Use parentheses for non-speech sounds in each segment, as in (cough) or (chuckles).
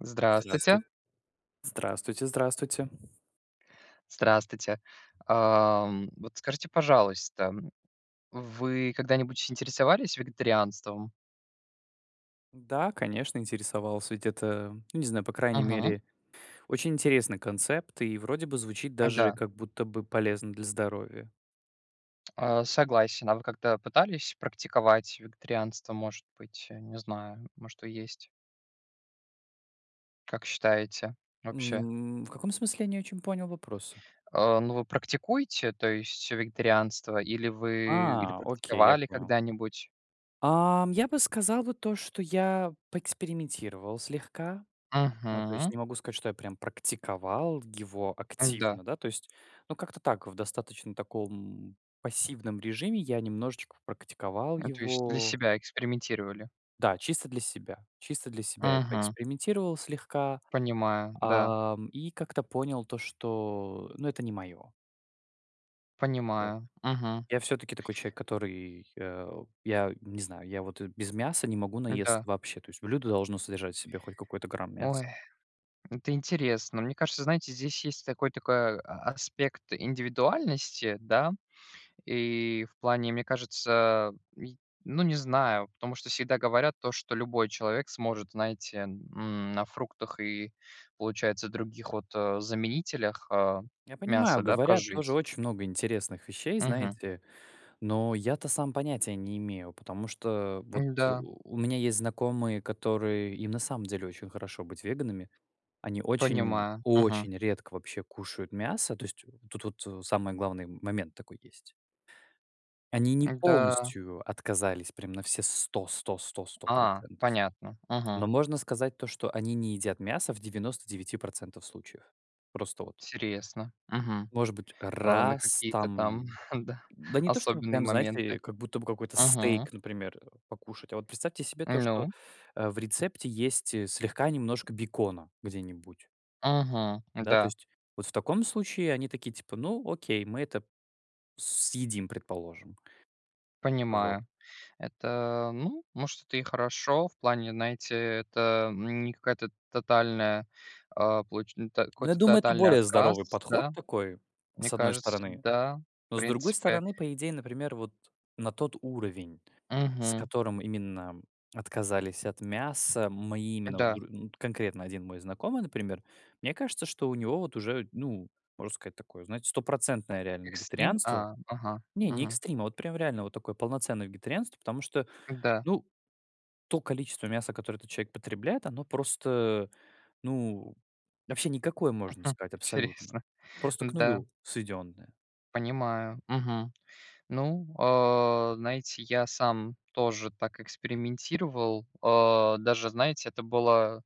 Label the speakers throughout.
Speaker 1: Здравствуйте.
Speaker 2: Здравствуй. Здравствуйте. Здравствуйте.
Speaker 1: Здравствуйте. Ам, вот скажите, пожалуйста, вы когда-нибудь интересовались вегетарианством?
Speaker 2: Да, конечно, интересовался. Ведь это, ну, не знаю, по крайней
Speaker 1: Мгм.
Speaker 2: мере, очень интересный концепт, и вроде бы звучит
Speaker 1: Э,
Speaker 2: даже
Speaker 1: да.
Speaker 2: как будто бы полезно для здоровья.
Speaker 1: А, согласен. А вы как-то пытались практиковать вегетарианство? Может быть, э, не знаю, может, то есть? Как считаете, вообще?
Speaker 2: М, в каком смысле, я не очень понял вопроса?
Speaker 1: А, ну вы практикуете, то есть вегетарианство, или вы, или
Speaker 2: А, окей, я
Speaker 1: практиковали
Speaker 2: понял.
Speaker 1: когда-нибудь?
Speaker 2: Ам, я бы сказал вот то, что я поэкспериментировал слегка. Ну то есть
Speaker 1: Мгм.
Speaker 2: не могу сказать, что я прям практиковал его
Speaker 1: М-да.
Speaker 2: активно, да, то есть ну как-то так в достаточно таком пассивном режиме, я немножечко попрактиковал
Speaker 1: Ну то есть для
Speaker 2: его
Speaker 1: себя, экспериментировали.
Speaker 2: Да, чисто для себя, чисто для себя, я
Speaker 1: Мгм.
Speaker 2: поэкспериментировал слегка.
Speaker 1: Понимаю, да.
Speaker 2: Ам, и как-то понял то, что, э, ну, это не мое. Вот.
Speaker 1: Понимаю, мгм.
Speaker 2: Я всё-таки такой человек, который, а, я не знаю, я вот, э, без мяса не могу наесться
Speaker 1: Да.
Speaker 2: вообще. То есть блюдо должно содержать в себе хоть какой-то грамм
Speaker 1: Ой,
Speaker 2: мяса.
Speaker 1: это интересно. Мне кажется, знаете, здесь есть такой такой а аспект индивидуальности, да. И в плане, мне кажется, а, й ну, не знаю, потому что всегда говорят то, что любой человек сможет, знаете, м, на фруктах и, получается, других вот, э, заменителях, а,
Speaker 2: Я понимаю,
Speaker 1: мяса, да,
Speaker 2: говорят тоже
Speaker 1: прожить.
Speaker 2: очень много интересных вещей,
Speaker 1: Мгм.
Speaker 2: знаете, но я-то сам понятия не имею, потому что вот,
Speaker 1: М,
Speaker 2: э,
Speaker 1: да.
Speaker 2: у меня есть знакомые, которые, им на самом деле очень хорошо быть веганами, они очень,
Speaker 1: Понимаю. Мгм.
Speaker 2: очень редко вообще кушают мясо, то есть вот тут вот, э, самый главный м момент такой есть. Они не
Speaker 1: Да.
Speaker 2: полностью отказались, прям на все сто сто сто сто
Speaker 1: А.
Speaker 2: процентов.
Speaker 1: Понятно.
Speaker 2: Но
Speaker 1: Мгм.
Speaker 2: можно сказать то, что они не едят мясо в 99% случаев. Просто вот.
Speaker 1: Интересно. Мгм.
Speaker 2: Может быть,
Speaker 1: А на
Speaker 2: раз
Speaker 1: какие-то
Speaker 2: там,
Speaker 1: там,
Speaker 2: м,
Speaker 1: (chuckles) да,
Speaker 2: да не то, что бы
Speaker 1: особенные
Speaker 2: прям, знаете,
Speaker 1: моменты.
Speaker 2: э как будто бы какой-то
Speaker 1: Мгм.
Speaker 2: стейк, например, э, покушать. А вот представьте себе то, что,
Speaker 1: Ну.
Speaker 2: э, в рецепте есть, э, слегка немножко бекона, где-нибудь.
Speaker 1: Мгм.
Speaker 2: Да, то
Speaker 1: Да.
Speaker 2: есть. Вот в таком случае они такие типа: "Ну, окей, мы это, съедим, предположим". Вот.
Speaker 1: Понимаю. Это, ну, может это и хорошо в плане, знаете, э, это, м, не какая-то тотальная, а, получ ну так,
Speaker 2: Ну, я
Speaker 1: какой-то
Speaker 2: думаю, это
Speaker 1: тотальный
Speaker 2: более здоровый
Speaker 1: отказ,
Speaker 2: подход
Speaker 1: да.
Speaker 2: такой,
Speaker 1: Мне
Speaker 2: с одной
Speaker 1: кажется,
Speaker 2: стороны,
Speaker 1: да, в
Speaker 2: но, с другой
Speaker 1: принципе
Speaker 2: стороны, по идее, например, вот на тот уровень, с
Speaker 1: Мгм.
Speaker 2: которым именно отказались от мяса, мои именно вот
Speaker 1: Да.
Speaker 2: др Ну вот конкретно один мой знакомый, например, мне кажется, что у него вот уже, ну, можно сказать, такое, знаете, стопроцентное реально
Speaker 1: Экстрим.
Speaker 2: вегетарианство.
Speaker 1: А, ага.
Speaker 2: Не, не
Speaker 1: Мгм.
Speaker 2: экстрим, а вот прям реально вот такое полноценное вегетарианство. Потому что,
Speaker 1: Н-да.
Speaker 2: ну то количество мяса, которое этот человек потребляет, оно просто, э, ну вообще никакое, можно
Speaker 1: (chuckles)
Speaker 2: сказать, абсолютно.
Speaker 1: Интересно.
Speaker 2: Просто к
Speaker 1: Да.
Speaker 2: нулю сведённое.
Speaker 1: Понимаю. Мгм. Ну, а, знаете, я сам тоже так экспериментировал, а, даже, знаете, это было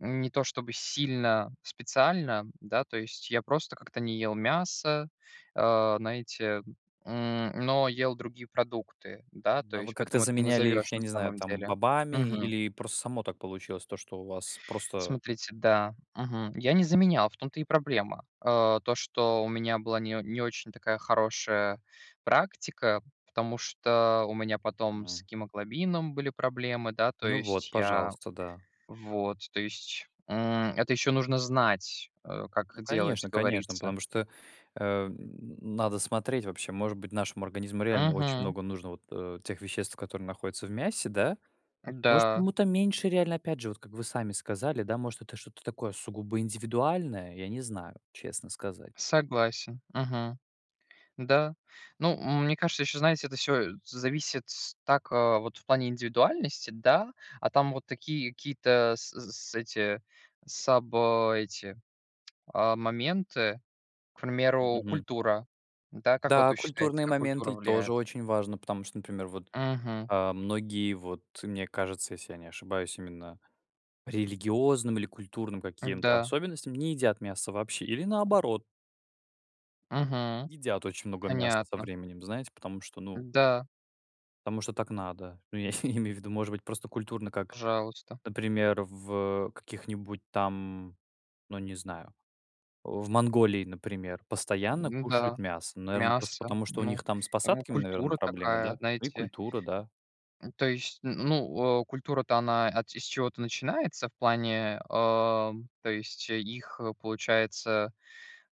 Speaker 1: не то, чтобы сильно специально, да. То есть я просто как-то не ел мясо, а, знаете, м, но ел другие продукты, да, то
Speaker 2: А вы
Speaker 1: есть
Speaker 2: как-то
Speaker 1: поэтому это не
Speaker 2: заменяли их,
Speaker 1: назовешь,
Speaker 2: я
Speaker 1: на
Speaker 2: не знаю,
Speaker 1: самом
Speaker 2: там
Speaker 1: деле
Speaker 2: бобами,
Speaker 1: мгм.
Speaker 2: или просто само так получилось, то что у вас просто
Speaker 1: Смотрите, да. Мгм. Я не заменял, в том-то и проблема. А, то, что у меня была не о не очень такая хорошая практика, потому что, у меня потом с
Speaker 2: Мгм.
Speaker 1: гемоглобином были проблемы да, то
Speaker 2: Ну вот,
Speaker 1: есть я
Speaker 2: пожалуйста, да.
Speaker 1: Вот, то есть, м, это еще нужно знать, э, как
Speaker 2: Ну
Speaker 1: делать,
Speaker 2: конечно, конечно,
Speaker 1: говорится.
Speaker 2: потому что, а, н надо смотреть вообще. Может быть, нашему организму реально очень
Speaker 1: Мгм.
Speaker 2: много нужно вот, э, тех веществ, которые находятся в мясе, да? Может,
Speaker 1: Да.
Speaker 2: кому-то меньше реально, опять же, вот как вы сами сказали да, может, это что-то такое сугубо индивидуальное, я не знаю, честно сказать.
Speaker 1: Ну, м мне кажется, еще, знаете, это всё, э, зависит так, э, вот, в плане индивидуальности, да. А там вот такие какие-то, с з с эти саб э, эти, а, моменты- к примеру,
Speaker 2: Мгм.
Speaker 1: культура, да. Как вот
Speaker 2: Да,
Speaker 1: вы считаете,
Speaker 2: культурные
Speaker 1: как культура
Speaker 2: моменты и тоже
Speaker 1: влияет?
Speaker 2: очень важно. Потому что, например, вот,
Speaker 1: Мгм.
Speaker 2: а, многие- вот мне кажется, если я не ошибаюсь- именно по религиозным или культурным каким-то
Speaker 1: М-да.
Speaker 2: особенностям не едят мясо вообще или, наоборот
Speaker 1: Мгм.
Speaker 2: едят очень много мяса, со
Speaker 1: Понятно.
Speaker 2: временем, знаете, потому что ну
Speaker 1: Да.
Speaker 2: потому что так надо. Ну, я (chuckles) не имею в виду может быть просто культурно как
Speaker 1: Пожалуйста.
Speaker 2: например, в, э, каких-нибудь там, ну, не знаю, а, в Монголии, например, постоянно
Speaker 1: М-да,
Speaker 2: кушают мясо. Ну наверно, просто
Speaker 1: мясо.
Speaker 2: потому, что у
Speaker 1: Ну,
Speaker 2: них там с
Speaker 1: там и
Speaker 2: посадками, наверно,
Speaker 1: культура
Speaker 2: проблемы
Speaker 1: такая,
Speaker 2: да. И
Speaker 1: знаете.
Speaker 2: культура, да.
Speaker 1: М, то есть н ну, э, культура-то она ат и с чего-то начинается в плане, а, то есть их, получается,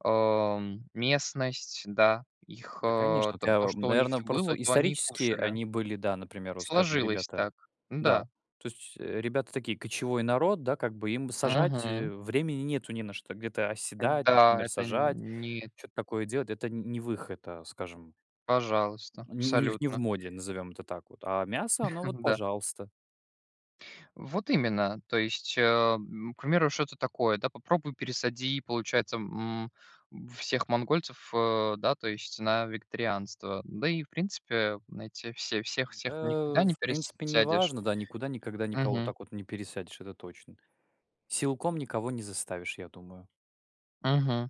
Speaker 1: ам, местность, да, их,
Speaker 2: Да,
Speaker 1: а,
Speaker 2: конечно. Вот
Speaker 1: то
Speaker 2: я
Speaker 1: то,
Speaker 2: вам
Speaker 1: что у них
Speaker 2: наверно,
Speaker 1: было,
Speaker 2: просто
Speaker 1: то они и
Speaker 2: исторически
Speaker 1: кушали.
Speaker 2: они были да, например, вот скажем,
Speaker 1: Сложилось
Speaker 2: ребята
Speaker 1: так,
Speaker 2: Да,
Speaker 1: н-да.
Speaker 2: то есть, э, ребята такие, кочевой народ, да, как бы, им сажать, э,
Speaker 1: Мгм.
Speaker 2: времени нету, не на что где-то оседать,
Speaker 1: Да.
Speaker 2: например,
Speaker 1: Это
Speaker 2: сажать,
Speaker 1: нет.
Speaker 2: чё-то такое делать. Это не не выход, а, скажем
Speaker 1: Пожалуйста,
Speaker 2: Не у них не в
Speaker 1: абсолютно.
Speaker 2: моде, назовем это так вот. А мясо, оно вот,
Speaker 1: (chuckles) Да.
Speaker 2: пожалуйста.
Speaker 1: Вот именно. То есть, ам, к примеру, что это такое, да. Попробуй пересади, получается м, м всех монгольцев, э, да, то есть на вегетарианство. Да, и, в принципе, э, знаете все всех всех никогда
Speaker 2: Э,
Speaker 1: не
Speaker 2: в принципе
Speaker 1: пересядешь.
Speaker 2: неважно да, никуда никогда никого
Speaker 1: Мгм.
Speaker 2: так вот не пересадишь, это точно. Силком никого не заставишь, я думаю.
Speaker 1: Мгм.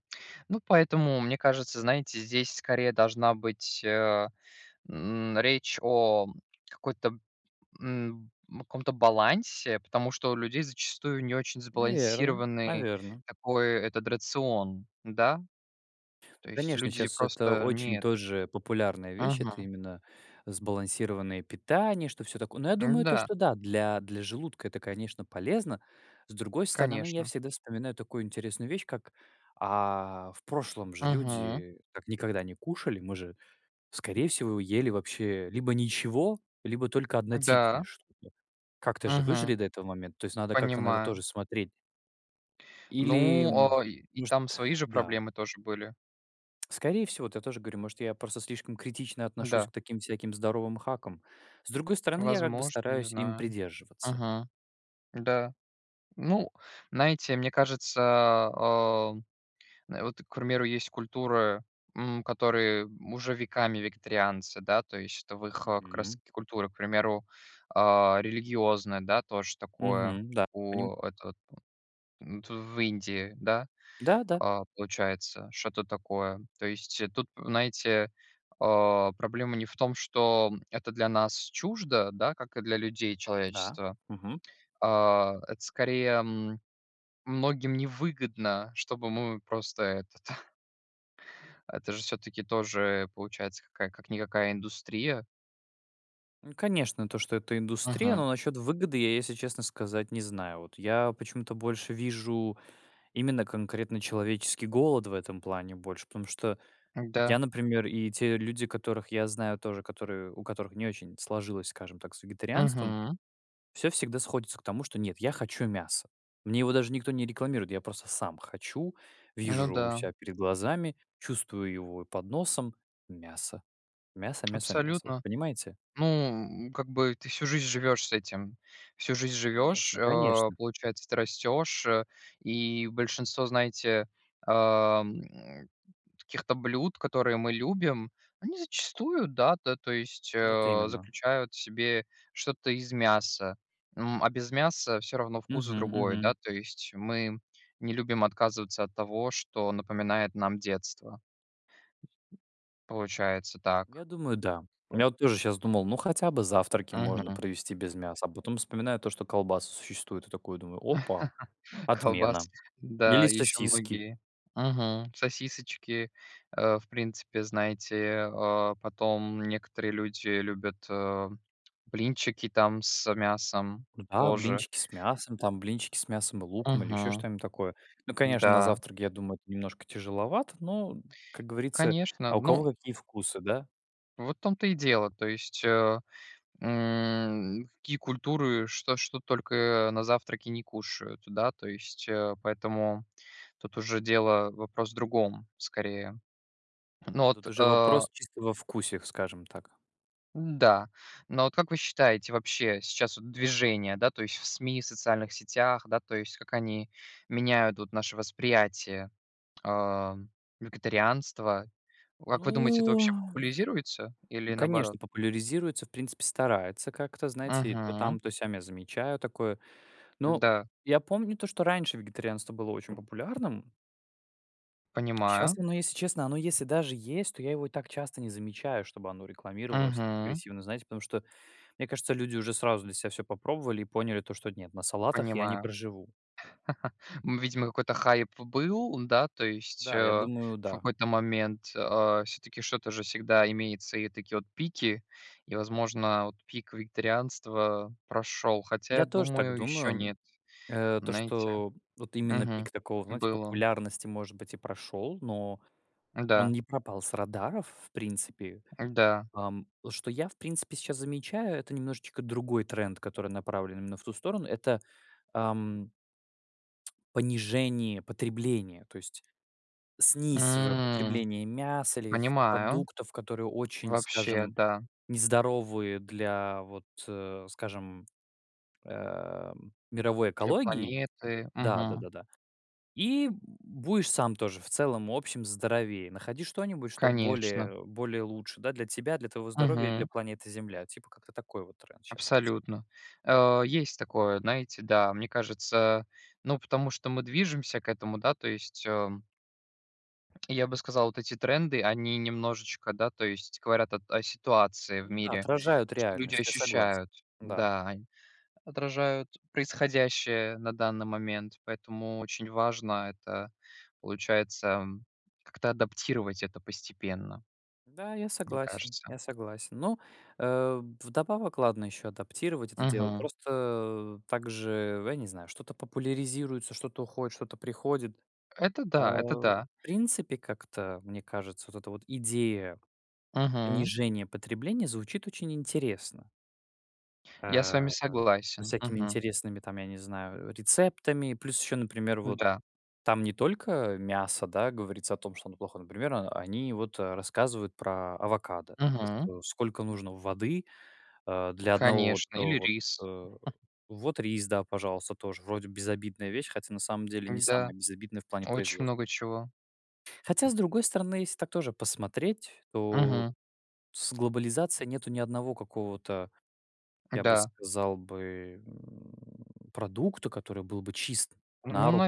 Speaker 1: Ну, поэтому, мне кажется, знаете, здесь, скорее, должна быть, а, м, речь о какой-то, м, б о каком-то балансе, потому что у людей зачастую не очень
Speaker 2: Наверное,
Speaker 1: сбалансированный
Speaker 2: наверно.
Speaker 1: такой, этот рацион, да? То
Speaker 2: Ну
Speaker 1: есть
Speaker 2: конечно,
Speaker 1: люди
Speaker 2: щас это
Speaker 1: просто не
Speaker 2: очень
Speaker 1: этот
Speaker 2: тоже популярная вещь. Это
Speaker 1: Мгм.
Speaker 2: именно сбалансированное питание, что всё такое. Но я думаю то,
Speaker 1: М-да.
Speaker 2: что да, для для желудка это, конечно, полезно. С другой стороны, я
Speaker 1: Конечно.
Speaker 2: всегда вспоминаю такую интересную вещь, как, а, в прошлом же
Speaker 1: Мгм.
Speaker 2: люди так никогда не кушали. Мы же, скорее всего, ели вообще либо ничего, либо только
Speaker 1: Э,
Speaker 2: однотипное
Speaker 1: да.
Speaker 2: что-то. Как-то же
Speaker 1: Мгм.
Speaker 2: выжили до этого момента. То есть надо как-то на это
Speaker 1: Понимаю.
Speaker 2: тоже смотреть. Или,
Speaker 1: Ну,
Speaker 2: м,
Speaker 1: а, и и
Speaker 2: может
Speaker 1: там свои же
Speaker 2: Да.
Speaker 1: проблемы тоже были.
Speaker 2: Скорее всего, вот я тоже говорю, может, я просто слишком критично отношусь
Speaker 1: Да.
Speaker 2: к таким всяким здоровым хакам. С другой стороны, я как бы
Speaker 1: Возможно, не
Speaker 2: стараюсь им
Speaker 1: знаю.
Speaker 2: придерживаться.
Speaker 1: Мгм. Да. Ну, знаете, мне кажется, а, а, на вот к примеру, есть культуры, м, которые, м, уже веками вегетарианцы, да. То есть это в их, э, как раз
Speaker 2: Мгм.
Speaker 1: таки культуры, к примеру, а, религиозная, да, тоже такое.
Speaker 2: Мгм, да, понимаю.
Speaker 1: У это вот в м, это в Индии да,
Speaker 2: Да-да.
Speaker 1: а, получается, что-то такое. То есть, э, тут, знаете, а, проблема не в том, что это для нас чуждо, да, как и для людей,
Speaker 2: Да.
Speaker 1: человечества.
Speaker 2: Мгм.
Speaker 1: А, это, скорее, м, многим невыгодно, чтобы мы просто это-то. (chuckles) Это же всё-таки тоже, получается, какая как никакая индустрия.
Speaker 2: Ну конечно, то, что это индустрия,
Speaker 1: Мгм.
Speaker 2: но насчет выгоды, я, если честно сказать, не знаю. Вот я почему-то больше вижу именно конкретно человеческий голод в этом плане, больше, потому что
Speaker 1: Да.
Speaker 2: я, например, и те люди, которых я знаю тоже, которые, у которых не очень сложилось, скажем так, с вегетарианством,
Speaker 1: Мгм.
Speaker 2: всё всегда сходится к тому, что: "Нет, я хочу мясо". Мне его даже никто не рекламирует. Я просто сам хочу,
Speaker 1: Ну
Speaker 2: вижу у
Speaker 1: да.
Speaker 2: себя перед глазами, чувствую его и под носом мясо, мясо мясо мясо, вот
Speaker 1: Абсолютно.
Speaker 2: понимаете?
Speaker 1: Ну, м, как бы, ты всю жизнь живёшь с этим. Всю жизнь живешь,
Speaker 2: Конечно
Speaker 1: а,
Speaker 2: конечно.
Speaker 1: получается, ты растешь. Э, и большинство, знаете, ам, каких-то блюд, которые мы любим, они зачастую, да, та то есть,
Speaker 2: Вот
Speaker 1: а,
Speaker 2: именно.
Speaker 1: заключают в себе что-то из мяса. М, а, без мяса всё равно вкус
Speaker 2: Мгм,
Speaker 1: другой,
Speaker 2: мгм.
Speaker 1: да то есть. Мы не любим отказываться от того, что напоминает нам детство. Получается так.
Speaker 2: Я думаю, да.
Speaker 1: Бы
Speaker 2: Я вот тоже щас думал, ну хотя бы завтраки можно
Speaker 1: Мгм.
Speaker 2: провести без мяса, а потом вспоминаю то, что колбасы существуют. И такой думаю опа,
Speaker 1: (laughs) Колбас.
Speaker 2: отмена. Или
Speaker 1: Да, и еще
Speaker 2: сосиски.
Speaker 1: многие, мгм, сосисочки, а, в принципе, знаете, а, потом некоторые люди любят, а, блинчики там с мясом
Speaker 2: Да,
Speaker 1: тоже.
Speaker 2: блинчики с мясом, там блинчики с мясом и луком, или еще
Speaker 1: Мгм.
Speaker 2: что-нибудь такое. Ну конечно, на
Speaker 1: Да.
Speaker 2: завтрак я думаю это немножко тяжеловато, но, м, как говорится
Speaker 1: Конечно.
Speaker 2: а у
Speaker 1: Ну
Speaker 2: кого какие вкусы, да?
Speaker 1: Вот в том-то и дело. То есть, а, м, какие культуры, что что только на завтраки не кушают, да? То есть, а, поэтому тут уже дело, вопрос в другом, скорее. Ну
Speaker 2: Да,
Speaker 1: вот,
Speaker 2: тут уже
Speaker 1: а
Speaker 2: вопрос чисто во вкусе, скажем так.
Speaker 1: Н-да. Но вот как вы считаете, вообще сейчас вот движение да то есть в СМИ, социальных сетях, да, то есть как они меняют вот наше восприятие, ам, вегетарианства? Вот как вы думаете, это
Speaker 2: Ну,
Speaker 1: вообще популязируется, или наоборот?
Speaker 2: конечно, популяризируется, в принципе, старается как-то, знаете, то
Speaker 1: Мгм.
Speaker 2: там, то сям я замечаю такое. Но
Speaker 1: Да.
Speaker 2: я помню то, что раньше вегетарианство было очень популярным. А
Speaker 1: Понимаю.
Speaker 2: щас оно если честно, оно если даже есть, то я его и так часто не замечаю, чтобы оно рекламировалось так
Speaker 1: Мгм.
Speaker 2: агрессивно, знаете, потому что, мне кажется, люди уже сразу для себя всё попробовали и поняли то что: "Нет, на салатах я не
Speaker 1: Понимаю.
Speaker 2: проживу".
Speaker 1: (laughs) Ну, видимо, какой-то хайп был, да, то есть, э,
Speaker 2: Да, я думаю
Speaker 1: в
Speaker 2: да.
Speaker 1: какой-то момент. А, всё-таки что-то же всегда имеется, и такие вот пики, и, возможно, вот пик вегетарианства прошел. Хотя, я
Speaker 2: Я тоже так
Speaker 1: думаю, еще
Speaker 2: думаю.
Speaker 1: нет,
Speaker 2: Э, то,
Speaker 1: знаете.
Speaker 2: что вот именно
Speaker 1: Мгм.
Speaker 2: пик такого, вот знаете,
Speaker 1: Был он.
Speaker 2: популярности, может быть, и прошел, но он
Speaker 1: Да.
Speaker 2: не пропал с радаров в принципе.
Speaker 1: Н-да.
Speaker 2: Ам, что я, в принципе, щас замечаю, это немножечко другой тренд, который направлен именно в ту сторону, это, ам понижение потребления, то есть снисовое
Speaker 1: М.
Speaker 2: потребление мяса, или каких-то
Speaker 1: Понимаю.
Speaker 2: продуктов, которые очень,
Speaker 1: Вообще,
Speaker 2: скажем,
Speaker 1: да.
Speaker 2: нездоровые для вот, э, скажем, э, мировой
Speaker 1: Для
Speaker 2: экологии.
Speaker 1: планеты.
Speaker 2: Да да
Speaker 1: Мгм.
Speaker 2: да да. И б будешь сам тоже в целом общем здоровее. Находи что-нибудь, что
Speaker 1: Конечно.
Speaker 2: более, э, более лучше, да, для тебя, для твоего здоровья и для
Speaker 1: Мгм.
Speaker 2: планеты Земля. Типа как-то такой вот тренд щас есть.
Speaker 1: Абсолютно. А, есть такое, знаете, да. Мне кажется, ну потому что мы движемся к этому да то есть, а я бы сказал, вот эти тренды, они немножечко, да, то есть говорят о т о ситуации в
Speaker 2: Ну да,
Speaker 1: мире.
Speaker 2: отражают
Speaker 1: То, что люди
Speaker 2: реальность, я согласен.
Speaker 1: ощущают,
Speaker 2: Да.
Speaker 1: да.
Speaker 2: (unintelligible)
Speaker 1: Они отражают происходящее на данный момент, поэтому очень важно это, получается, как-то адаптировать это постепенно.
Speaker 2: Да, я
Speaker 1: Мне
Speaker 2: согласен,
Speaker 1: кажется.
Speaker 2: я согласен. Но, э, вдобавок- ладно еще адаптировать это дело.
Speaker 1: Мгм.
Speaker 2: Просто также, я не знаю, что-то популяризируется, что-то уходит, что-то приходит,
Speaker 1: Это
Speaker 2: а,
Speaker 1: да, это
Speaker 2: в
Speaker 1: да.
Speaker 2: принципе, как-то, мне кажется, вот эта вот идея
Speaker 1: Мгм.
Speaker 2: понижения потребления звучит очень интересно.
Speaker 1: Я с
Speaker 2: А,
Speaker 1: вами
Speaker 2: со
Speaker 1: согласен.
Speaker 2: всякими
Speaker 1: Мгм.
Speaker 2: интересными, там, я не знаю, э, рецептами. Плюс еще, например, вот
Speaker 1: Да.
Speaker 2: там не только мясо, да, говорится о том, что оно- плохо. Например, а, они вот, а, рассказывают про авокадо. То
Speaker 1: Мгм.
Speaker 2: что сколько нужно воды, а, для 1 вот,
Speaker 1: Конечно.
Speaker 2: э,
Speaker 1: Или
Speaker 2: вот,
Speaker 1: рис.
Speaker 2: э
Speaker 1: (chuckles)
Speaker 2: Вот рис, да, пожалуйста, тоже вроде безобидная вещь, хотя, на самом деле, не
Speaker 1: М-да.
Speaker 2: самая безобидная в плане
Speaker 1: Очень
Speaker 2: производства.
Speaker 1: много чего.
Speaker 2: Хотя, с другой стороны, если так тоже посмотреть, то от
Speaker 1: Мгм.
Speaker 2: с глобализацией нету ни одного какого-то, я бы
Speaker 1: Да.
Speaker 2: сказал бы, м, продукта, который был бы чист
Speaker 1: Ну,
Speaker 2: на руку,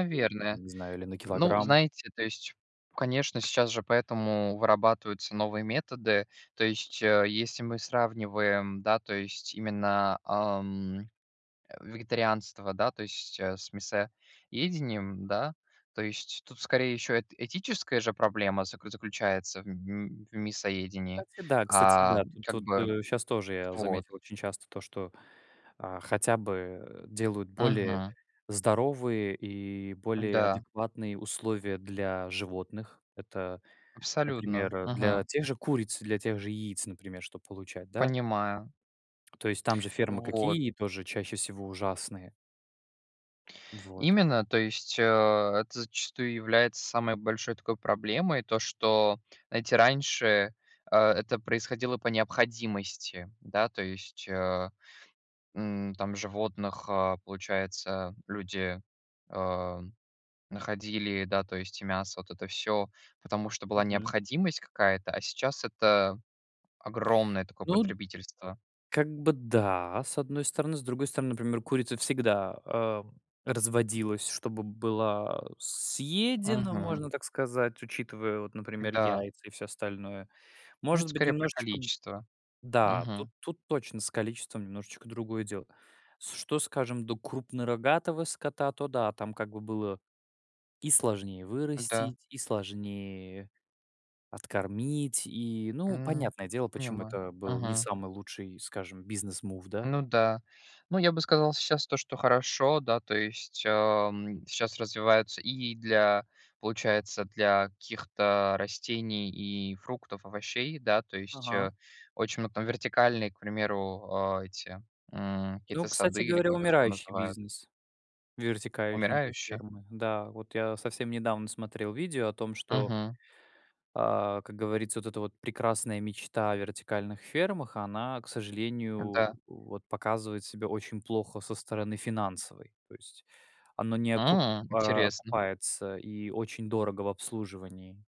Speaker 2: я не знаю, или на
Speaker 1: Ну,
Speaker 2: килограмм.
Speaker 1: знаете, то есть, конечно, сейчас же поэтому вырабатываются новые методы. То есть, э, если мы сравниваем, да, то есть именно, а, м, э, вегетарианство, да, то есть, э, с мясоедением, да. То есть тут, скорее, еще эт этическая же проблема заклю заключается в м м мясоедении.
Speaker 2: Кстати, да, кстати,
Speaker 1: А,
Speaker 2: да. Тут
Speaker 1: как
Speaker 2: вот,
Speaker 1: бы
Speaker 2: э, щас тоже я
Speaker 1: вот.
Speaker 2: заметил очень часто то, что, а, хотя бы, э, делают более
Speaker 1: Мгм.
Speaker 2: здоровые и более
Speaker 1: Да.
Speaker 2: адекватные условия для животных. Это,
Speaker 1: Абсолютно.
Speaker 2: например, для
Speaker 1: Мгм.
Speaker 2: тех же куриц, для тех же яиц, например, чтоб получать, да.
Speaker 1: Понимаю.
Speaker 2: То есть там же фермы
Speaker 1: Вот.
Speaker 2: какие? Тоже чаще всего ужасные. Вот.
Speaker 1: Именно. То есть, а, это зачастую является самой большой такой проблемой. То, что, знаете, раньше, а, это происходило по необходимости, да. То есть, ам, там животных, а, получается, люди, ам, находили, да- то есть и мясо, и вот это всё, потому что была
Speaker 2: Мгм.
Speaker 1: необходимость какая-то. А сейчас это огромное такое
Speaker 2: Ну
Speaker 1: потребительство.
Speaker 2: как бы, да, с одной стороны. С другой стороны, например, курица всегда, а, разводилась, чтобы была съедена,
Speaker 1: Мгм.
Speaker 2: можно так сказать, учитывая вот, например,
Speaker 1: Да.
Speaker 2: яйца и всё остальное.
Speaker 1: Ну, это,
Speaker 2: Может быть,
Speaker 1: скорей, про
Speaker 2: немножечко
Speaker 1: количество.
Speaker 2: Да, тут
Speaker 1: Мгм.
Speaker 2: тут точно с количеством немножечко другое дело. С что, скажем, до крупнорогатого скота, то да- там как бы было и сложнее
Speaker 1: Да.
Speaker 2: вырастить, и сложнее откормить, и, ну,
Speaker 1: М.
Speaker 2: понятное дело, почему
Speaker 1: Понимаю.
Speaker 2: это был не
Speaker 1: Мгм.
Speaker 2: самый лучший, скажем, business move, да.
Speaker 1: Ну да. Ну, я бы сказал сейчас то, что хорошо, да, то есть, ам, щас развивается и для, получается, для каких-то растений и фруктов, овощей, да. То есть,
Speaker 2: Ага.
Speaker 1: э, очень много там- вертикальные, к примеру, а, эти, м,
Speaker 2: Ну,
Speaker 1: какие-то
Speaker 2: кстати
Speaker 1: сады или
Speaker 2: говоря,
Speaker 1: как их там
Speaker 2: умирающий
Speaker 1: называют.
Speaker 2: бизнес, вертикальные
Speaker 1: Умирающие?
Speaker 2: фермы. Да, вот я совсем недавно смотрел видео о том, что
Speaker 1: Мгм.
Speaker 2: а, как говорится, вот эта вот прекрасная мечта о вертикальных фермах она, к сожалению, у
Speaker 1: Да.
Speaker 2: вот показывает себя очень плохо со стороны финансовой. То есть оно не окуп
Speaker 1: М,
Speaker 2: а,
Speaker 1: интересно.
Speaker 2: окупается, и очень дорого в обслуживании.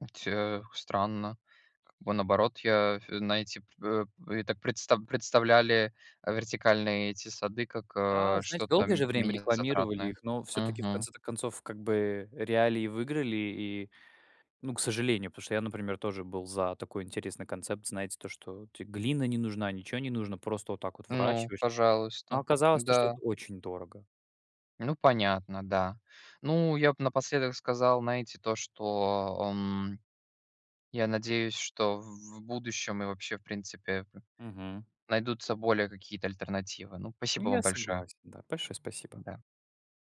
Speaker 1: Э, ть э, странно. Как бы наоборот я, а, фь знаете, эп э, я так предста представляли, а, вертикальные эти сады как, э,
Speaker 2: Да, знаете,
Speaker 1: что-то,
Speaker 2: долгое
Speaker 1: м
Speaker 2: же время
Speaker 1: менее
Speaker 2: рекламировали
Speaker 1: затратное.
Speaker 2: их, но всё-таки, в
Speaker 1: Мгм.
Speaker 2: конце-то концов, как бы, э, реалии выиграли, и, ну, к сожалению. Потому что я, например, тоже был за такой интересный концепт, знаете, то что те глина не нужна, ничего не нужно, просто вот так вот
Speaker 1: Ну,
Speaker 2: выращиваешь. Но
Speaker 1: пожалуйста,
Speaker 2: оказалось то, что
Speaker 1: да.
Speaker 2: это очень дорого.
Speaker 1: Ну, понятно, да. Ну, я б напоследок сказал, знаете, то что, эм, я надеюсь, что в в будущем и вообще, в принципе, п
Speaker 2: Мгм.
Speaker 1: найдутся более какие-то альтернативы. Ну,
Speaker 2: Ну
Speaker 1: спасибо
Speaker 2: я
Speaker 1: вам большое.
Speaker 2: согласен, да. Большое спасибо.
Speaker 1: Да.